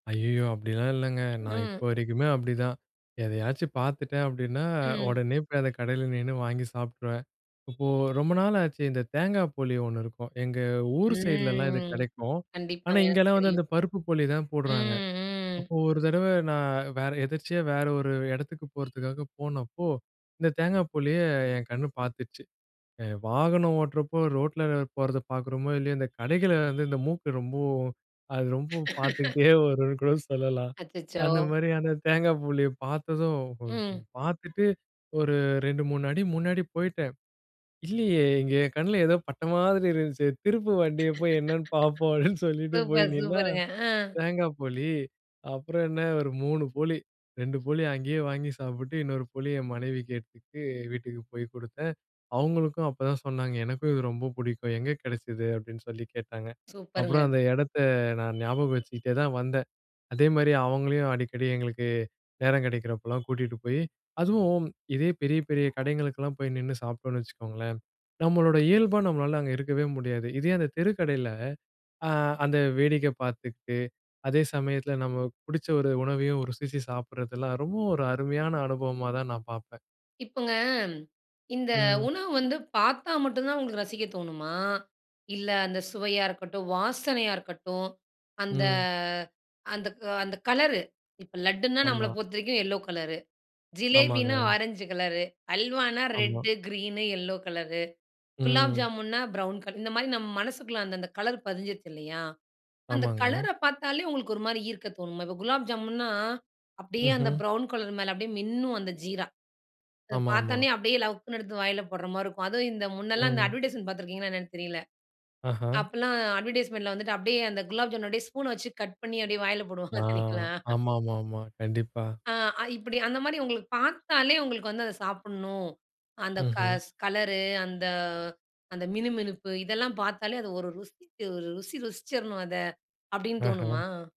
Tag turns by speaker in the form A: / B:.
A: ஐய்யய்யோ! அப்டிலாம் இல்லங்க நான் இப்ப
B: ம்.
A: வரைக்குமே அப்டிதான். எதையாச்சும் பார்த்துட்டேன் அப்டின்னா,
B: ம்.
A: உடனே போய் அத கடையில நின்னு வாங்கி சாப்பிட்டுருவேன். இப்போ ரொம்ப நாள் ஆச்சு. இந்த தேங்கா போளி ஒண்ணு இருக்கும். எங்க ஊர் சைடிலலாம் இது
B: ம்.
A: கிடைக்கும். ஆனா,
B: கண்டிப்பாங்க. எனக்கு
A: இங்கேலாம் வந்து
B: தெரியும்.
A: அந்த பருப்பு போளி தான் போடுறாங்க.
B: ம், ம்.
A: அப்போ ஒரு தடவ நான் வேற எதர்ச்சியா வேற ஒரு இடத்துக்கு போறதுக்காக போனப்போ, இந்த தேங்கா போளிய என் கண்ணு பார்த்துச்சு. எ வாகனம் ஓட்டுறப்போ ரோட்ல போறத பாக்குறோமோ, இல்லையோ இந்த கடைகள்ல வந்து இந்த மூக்கு ரொம்ப அது ரொம்ப பார்த்துக்கிட்டே வரும்னு கூட சொல்லலாம்.
B: அச்சச்சோ!
A: அந்த மாதிரியான தேங்கா போளிய பாத்ததும்,
B: ம்.
A: பாத்துட்டு ஒரு 2, 3 அடி முன்னாடி போயிட்டேன். இல்லையே இங்க என் கண்ணுல ஏதோ பட்ட மாதிரி இருந்துச்சே. திரும்பு வண்டிய போய் என்னன்னு பாப்போம். அப்படின்னு சொல்லிட்டு போய்
B: சூப்பர்,
A: நின்னா.
B: சூப்பருங்க. அ.
A: தேங்காய் போளி அப்புறம் என்ன ஒரு 3 போளி, 2 போளி அங்கேயே வாங்கி சாப்பிட்டு, இன்னொரு போளி என் மனைவிக்கு எடுத்துட்டு, வீட்டுக்கு போய் குடுத்தேன். அவங்களுக்கும் அப்போதான் சொன்னாங்க, "எனக்கும் இது ரொம்ப புடிக்கும். எங்கே கிடைச்சது?" அப்டின்னு சொல்லி கேட்டாங்க.
B: சூப்பர்ங்க.
A: அப்புறம் அந்த இடத்த நான் ஞாபகம் வச்சுகிட்டே தான் வந்தேன். அதேமாரி அவங்களையும் அடிக்கடி எங்களுக்கு நேரம் கிடைக்கிறப்போலாம் கூட்டிட்டு போய், அதுவும் இதே பெரிய, பெரிய கடைகளுக்கெல்லாம் போய் நின்னு சாப்பிட்டோன்னு வச்சுக்கோங்களேன், நம்மளோட இயல்பா நம்மளால அங்க இருக்கவே முடியாது. இதே அந்த தெருக்கடையில ஆ அந்த வேடிக்க பாத்துக்குட்டு, அதே சமயத்தில நம்ம புடிச்ச ஒரு உணவையும் ஒரு ருசிச்சு சாப்பிடுறதெல்லாம் ரொம்ப ஒரு அருமையான அனுபவமா தான் நான் பாப்பேன்.
B: இப்போங்க, இந்த
A: ம்.
B: உணவு வந்து பாத்தா மட்டும் தான் உங்களுக்கு ரசிக்க தோணுமா? இல்ல, அந்த சுவையா இருக்கட்டும், வாசனையா இருக்கட்டும், அந்த
A: ம்.
B: அந்த அந்த கலரு, இப்போ லட்டுன்னா நம்மள
A: ஆமா.
B: பொறுத்தவரைக்கும் எல்லோ கலர்ரு, ஜிலேபினா
A: ஆமாங்க.
B: ஆரஞ்சு கலர்ரு, அல்வானா
A: ஆமா.
B: Red, green, yellow colour. Gulab
A: ம்.
B: ஜாமுன்னா ப்ரவுன் கலர் இந்த மாரி நம்ம மனசுக்குள்ள அந்த, அந்த கலர் பதிஞ்சிருச்சுது இல்லையா? அந்த
A: ஆமாங்க.
B: கலர்ர பாத்தாலே உங்களுக்கு ஒரு மாரி ஈர்க்க தோணுமா? இப்ப குலாப் ஜாமுன்னா அப்டியே அந்த
A: ம்ஹ்ம்.
B: ப்ரவுன் கலர் மேல அப்டியே மின்னும், அந்த ஜீரா. அத
A: ஆமா, ஆமா.
B: பாத்தோனே அப்டியே லவக்குன்னு எடுத்து வாயில போடுற மாரி இருக்கும். அதுவும் இந்த முன்னல்லாம் இந்த
A: ம்.
B: அட்வர்டைஸ்மென்ட் பாத்திருக்கீங்களா? என்னன்னு தெரியல்ல.
A: ஆஹா.
B: அப்பல்லாம் அட்வர்டைஸ்மென்ட்ல வந்துட்டு அப்டியே அந்த குலாப் ஜாமு அப்டியே ஸ்பூன் வச்சி கட் பண்ணி அப்டியே வாயில போடுவாங்க.
A: ஆ.
B: பார்தீங்களா?
A: ஆமா, ஆமா, ஆமா. கண்டிப்பா.
B: ஆ, அ இப்டி அந்த மாரி உங்களுக்கு பாத்தாலே உங்களுக்கு வந்து அத சாப்பிடணும், அந்த
A: ம்ஹ்ம்.
B: கஸ் கலரு அந்த அந்த மினுமினுப்பு இதெல்லாம் பாத்தாலே அது ஒரு ருசிச்சு ருசி ருசிச்சிரணும் அத! அப்டின்னு
A: ஆஹா.
B: தோணுமா?